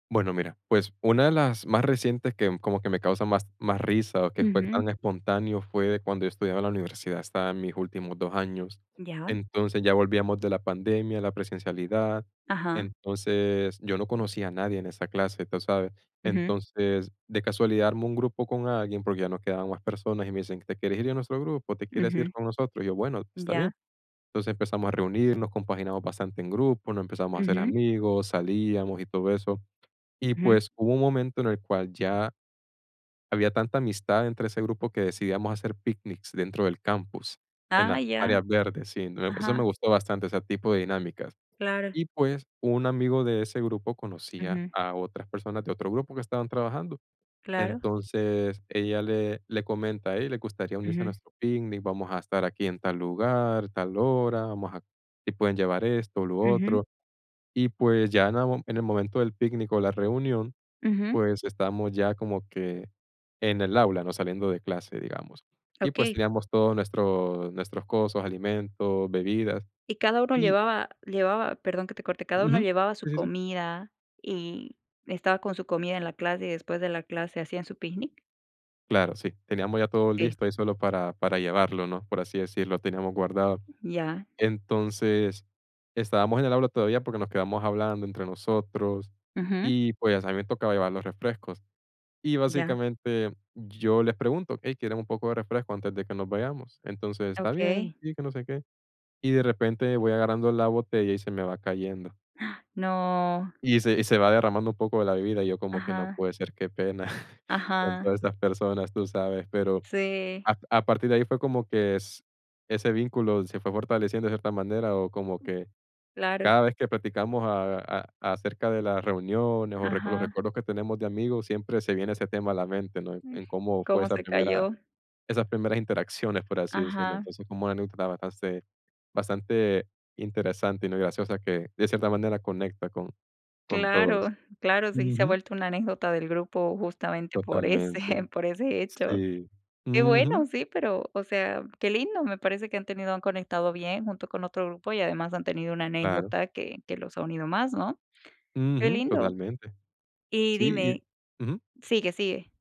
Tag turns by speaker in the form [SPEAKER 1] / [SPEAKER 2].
[SPEAKER 1] Bueno, mira, pues, una de las más recientes que como que me causa más más risa o que fue
[SPEAKER 2] Ujú.
[SPEAKER 1] tan espontáneo, fue cuando yo estudiaba en la universidad, estaba en mis últimos 2 años,
[SPEAKER 2] Ya.
[SPEAKER 1] entonces, ya volvíamos de la pandemia, la presencialidad,
[SPEAKER 2] Ajá.
[SPEAKER 1] entonces, yo no conocía a nadie en esa clase, tú sabes,
[SPEAKER 2] Ujú.
[SPEAKER 1] entonces, de casualidad armé un grupo con alguien, porque ya no quedaban más personas, y me dicen: "¿Te quieres ir a nuestro grupo? ¿Te quieres ir
[SPEAKER 2] Ujú.
[SPEAKER 1] con nosotros?", y yo: "Bueno, está bien",
[SPEAKER 2] Ya.
[SPEAKER 1] entonces empezamos a reunirnos, compaginamos bastante en grupo, nos empezamos a hacer
[SPEAKER 2] Ujú.
[SPEAKER 1] amigos, salíamos y todo eso, y
[SPEAKER 2] Ujú.
[SPEAKER 1] pues, hubo un momento en el cual ya había tanta amistad entre ese grupo que decidíamos hacer picnics dentro del campus, en las
[SPEAKER 2] Ay, ya,
[SPEAKER 1] áreas verdes, sí, eso me
[SPEAKER 2] ajá.
[SPEAKER 1] gustó bastante, ese tipo de dinámicas,
[SPEAKER 2] Claro.
[SPEAKER 1] y pues, un amigo de ese grupo conocía
[SPEAKER 2] Ujú.
[SPEAKER 1] a otras personas de otro grupo que estaban trabajando,
[SPEAKER 2] Claro.
[SPEAKER 1] entonces ella le le comenta a él: "¿Les gustaría unirse a
[SPEAKER 2] Ujú.
[SPEAKER 1] nuestro picnic? Vamos a estar aquí en tal lugar, tal hora, vamos a, si pueden llevar esto, lo
[SPEAKER 2] Ujú.
[SPEAKER 1] otro", y pues, ya aún en el momento del picnic o la reunión,
[SPEAKER 2] Ujú.
[SPEAKER 1] pues, estábamos ya como que en el aula, ¿no?, saliendo de clase, digamos, y pues,
[SPEAKER 2] Okey.
[SPEAKER 1] teníamos todo nuestro nuestros cosos, alimentos, bebidas,
[SPEAKER 2] Y cada uno
[SPEAKER 1] y
[SPEAKER 2] llevaba llevaba, perdón que te corte, ¿cada uno
[SPEAKER 1] Ujú,
[SPEAKER 2] llevaba su
[SPEAKER 1] sí, sí, sí.
[SPEAKER 2] comida, y estaba con su comida en la clase, y después de la clase hacían su picnic?
[SPEAKER 1] Claro, sí, teníamos ya todo
[SPEAKER 2] Okey.
[SPEAKER 1] listo y solo para para llevarlo, ¿no?, por así decir, lo teníamos guardado,
[SPEAKER 2] Ya.
[SPEAKER 1] entonces, estábamos en el aula todavía porque nos quedamos hablando entre nosotros
[SPEAKER 2] Ujú.
[SPEAKER 1] y, pues, a mi me tocaba llevar los refrescos, y
[SPEAKER 2] Ya.
[SPEAKER 1] básicamente yo les pregunto: "Ey, ¿quieren un poco de refresco antes de que nos vayamos? Entonces, está bien,
[SPEAKER 2] Okey.
[SPEAKER 1] sí, que no sé qué", y de repente voy agarrando la botella y se me va cayendo
[SPEAKER 2] No.
[SPEAKER 1] y se y se va derramando un poco de la bebida, y yo como que: "No
[SPEAKER 2] Ajá.
[SPEAKER 1] puede ser, qué pena con
[SPEAKER 2] Ajá.
[SPEAKER 1] todas estas personas", tú sabes, pero
[SPEAKER 2] Sí.
[SPEAKER 1] a a partir de ahí fue como que s ese vínculo se fue fortaleciendo de cierta manera, o como que,
[SPEAKER 2] Claro.
[SPEAKER 1] cada vez que platicamos a a acerca de las reuniones o los
[SPEAKER 2] Ajá.
[SPEAKER 1] recuerdos que tenemos de amigos, siempre se viene ese tema a la mente, ¿no?,
[SPEAKER 2] Mm,
[SPEAKER 1] en cómo fue
[SPEAKER 2] ¿cómo
[SPEAKER 1] esa
[SPEAKER 2] se
[SPEAKER 1] primera
[SPEAKER 2] cayó?
[SPEAKER 1] esas primeras interacciones, por así decirlo,
[SPEAKER 2] Ajá.
[SPEAKER 1] entonces, como [unintelligible] bastante interesante y, no y graciosa que, de cierta manera, conecta con con
[SPEAKER 2] Claro,
[SPEAKER 1] todos,
[SPEAKER 2] claro, sí se ha
[SPEAKER 1] ujú.
[SPEAKER 2] vuelto una anécdota del grupo, justamente por ese
[SPEAKER 1] Totalmente,
[SPEAKER 2] por ese hecho,
[SPEAKER 1] sí,
[SPEAKER 2] qué bueno,
[SPEAKER 1] ujú.
[SPEAKER 2] sí, pero, o sea, qué lindo, me parece que han tenido han conectado bien junto con otro grupo y además, han tenido una
[SPEAKER 1] Claro.
[SPEAKER 2] anécdota que que los ha unido más, ¿no?, qué
[SPEAKER 1] Ujú,
[SPEAKER 2] lindo,
[SPEAKER 1] totalmente,
[SPEAKER 2] y
[SPEAKER 1] sí
[SPEAKER 2] dime
[SPEAKER 1] y ujú.
[SPEAKER 2] sigue, sigue.